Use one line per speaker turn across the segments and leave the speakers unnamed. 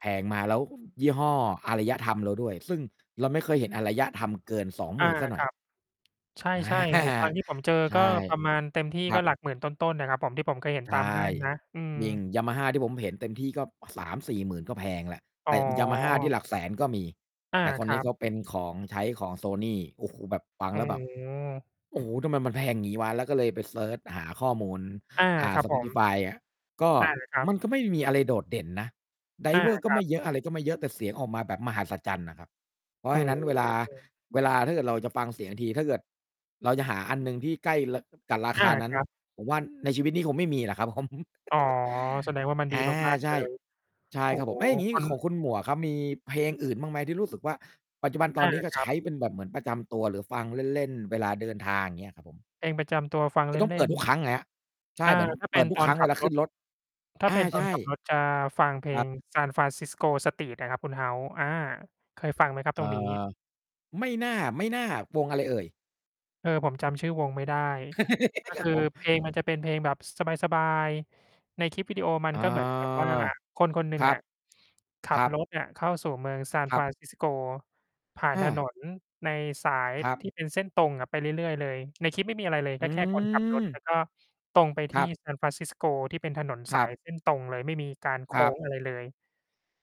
แพงมาแล้ว ยี่ห้ออารยธรรมเราด้วย ซึ่งเราไม่เคยเห็นอารยธรรมเกิน สองห
อ
ม
า
ื่น เสียหน
ค
่อ
ร
ย
ับ ใ
อา
ช่ ๆ หูฟังที่ผมเจอ
ใช
ก
่
็ประมาณ เต็มที่
คร
ก
ั
็
บ
หลักหมื่นต้น ๆ อะครับผม ที่ผมเคยเห็น
ใ
ต
ช
ามห
่
้างนะ อืม
จริง Yamaha ที่ผมเห็นเต็มที่ ก็ 3-4 ก็แพงแล้ว แ
อ
ต
๋
่
อ
Yamaha ที่หลักแสนก็มี
อา
แต่ค
ค
น
ร
นี
ั
้เ
บ
ขาเป็นของ ใช้ของ Sony โอ้โฮ แบบ ฟัง
อ๋
แล้วแบบ
อ
โอ้โฮ ทำไมมันแพงงี้วะ แล้วก็เลยไปเซิร์ชหาข้อมูล
อา
อ่า
ครับผม
Spotify อะ ก็
อา ครับ
มันก็ไม่มีอะไรโดดเด่นนะ
อา
Driver ก
ค
็
รั
ไม
บ
่เยอะ อะไรก็ไม่เยอะ แต่เสียงออกมาแบบมหัศจรรย์น่ะครับ เพรา
โอ
ะ
้
ฉะนั้นเวลา
โฮ
เวลาถ้าเกิดเราจะฟังเสียงที ถ้าเกิดเราจะหาอันหนึ่งที่ใกล้ ล กับรา
อ
ค
า
านั้
ค
น
รับ
ผมว่าในชีวิตนี้คงไม่มีแล้วครับผม
อ๋อ แสดงว่ามัน
อ
ดี
า
มาก
ใ
ๆ
ช
เล
่
ย
ใช่
โอ้
ครับ
โ
ผ
ฮ
ม เอ๊ย อย่างงี้
คุณ
ของคุณหมวกครับ มีเพลงอื่นบ้างไหมที่รู้สึกว่า ปัจจุบันต
อ
อน
า
นี้ก็
ค
ใ
ร
ช
ับ
้เป็นแบบเหมือนประจำตัวหรือฟังเล่น ๆ เวลาเดินทาง อย่างเงี้ยครับผม?
เพลงประจำตัวฟัง
คื
เ
อต้อง
ล
เป
่
ิด
น
ทุก
ๆ
ครั้งไงครับ ใช
อ
่
่า
เหมือน
ถ้า
เ
เ
ป
ป็
ิด
น
ทุ
ต
ก
อ
คร
น
ั้ง
ข
เว
ับ
ลาข
ร
ึ้
ถ
นรถ
ถ้
อ
าเ
า
ป็นต
ใ
อ
ช
น
่
ขับรถจะฟังเพล
ครับ
ง Sanfrancisco street อะครับคุณ House อา เคยฟังไหมครับ
เอ่
ตรงนี้?
อ ไม่น่า ๆ วงอะไรเอ่ย?
เอ่อ ผมจำชื่อวงไม่ได้ ก็
คร
ค
ับ
ือ
ผม
เพลงมันจะเป็นเพลงแบบสบาย ๆ ในคลิปวิดีโอมัน
อา
ก็ เหมือนกับว่า คนคนหนึ่
ค
ง
รั
อ
บ
ะ ขั
คร
บ
ั
ร
บ
ถเนี่ยเข้าสู่เมือง
ครับ
Sanfrancisco ผ่าน
อ
ถน
า
นในสาย
ครั
ท
บ
ี่เป็นเส้นตรงอะ ไปเรื่อย ๆ เลย ในคลิปไม่มีอะไรเลย
อ
ก็แค่คนขับรถ แ
ื
ล
ม
้วก็ตรงไป
ค
ท
ร
ี่
ับ
Sanfrancisco ที่เป็นถนน
ค
ส
รั
า
บ
ยเส้นตรงเลย ไม่มีการโ
ค
ค
ร
้
ับ
งอะไรเลย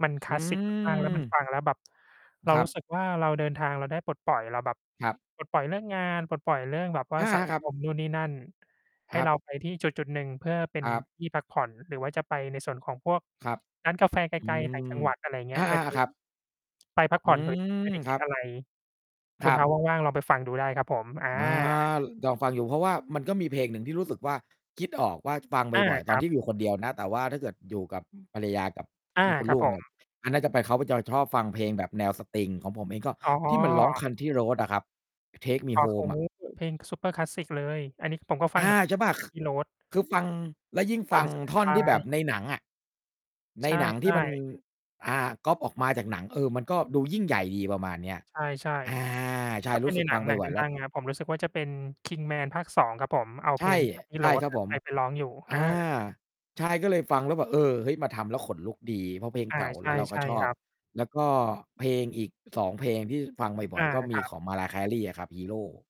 มันค
อื
ลาสสิก มาก ๆ แล้วมัน
ม
ฟังแล้วแบบ เรา
ครั
รู้
บ
สึกว่าเราเดินทางเราได้ปลดปล่อย เราแบบ
ครับ
ปลดปล่อยเรื่องงาน ปลดปล่อยเรื่องแบบว่
อ
า
ะฮ
สั
ะ
ง
ครั
ค
บ
ม นู่นนี่นั่น ให
ค
้
รั
เร
บ
าไปที่จุด ๆ หนึ่งเพื่อเป็
ค
น
รับ
ที่พักผ่อน หรือว่าจะไปในส่วนของพวก
ครับ
ร้านกาแฟไก
อื
ล ๆ ต่างจั
ม
งหวัด อะไรอย่างเงี
อ
้ย
า
ก็ค
ๆ
ื
ๆ
อ
ครับ
ไปพัก
อื
ผ่อน โดย
ม
ที่ไม่ได้
ค
ค
ร
ิ
ั
ด
บ
อะไร ค
ค
ุณ
รับ
House ว่าง ๆ ลองไปฟังดูได้ครับผม อา
อา ลองฟังอยู่ เพราะว่ามันก็มีเพลงหนึ่งที่รู้สึกว่า คิดออกว่าฟัง
อา
บ่อย ๆ
ค
ตอน
รั
ที
บ
่อยู่คนเดียวนะ แต่ว่าถ้าเกิดอยู่กับภรรยากับ
อา
ลูก คุณ
คร
ล
ับ
ูก
ผ
เนี่
ม
ย อะ น่าจะเป็นเขาไป จะชอบฟังเพลงแบบแนวสตริง ของผมเองก็
อ๋
ที่มันร้อง
อ
Country road อะครับ Take me
อ๋อ เพล
home
ง
อะ
นี้เพลง ซุปเปอร์คลาสสิก เลย อันนี้คือผมก็ฟั
อ
ง เหม
า
ือนกัน
ใช่ป่ะ ค
Country road
คือฟัง แล้วยิ่ง
ฟ
ฟ
ั
ั
ง
ง
ส
ท่อน
บา
ที่แบ
ย
บ
ๆ
ในหนังอะ ใน
ใช
หนังที่
่
มัน
ๆ
อ่า ก๊อบออกมาจากหนัง เออ มันก็ดูยิ่งใหญ่ดีประมาณนี้อะ
ใช่
อา ใช
ๆ ถ
่
้าเป
ร
็
ู
น
้
ใ
ส
น
ึก
หน
ฟ
ั
ั
ง
งบ
หนัง
่
ด
อย ๆ แล้
ั
ว
ง ๆ อะ ผมรู้สึกว่าจะเป็น Kingman ภาค 2 ครับผม เอา
ใ
เพ
ช
ล
่
ง Country
ใช่
road
ครับผม
ไป ไปร้องอยู่
อ
อา
า ใช่ ก็เลยฟังแล้วแบบ เออ เฮ้ย มาทำแล้วขนลุกดี เพราะเพลง
อา
เก่า
ใ
แล้วเราก
ช
็
่
ช
ๆ
อ
ค
บ
รับ
แล้วก็เพลงอีก 2 เพลงที่ฟังบ่
อ
อ
า
ย ๆ ก็ม
ค
ี
รับ
ของ Mariah Carey อะครับ Hero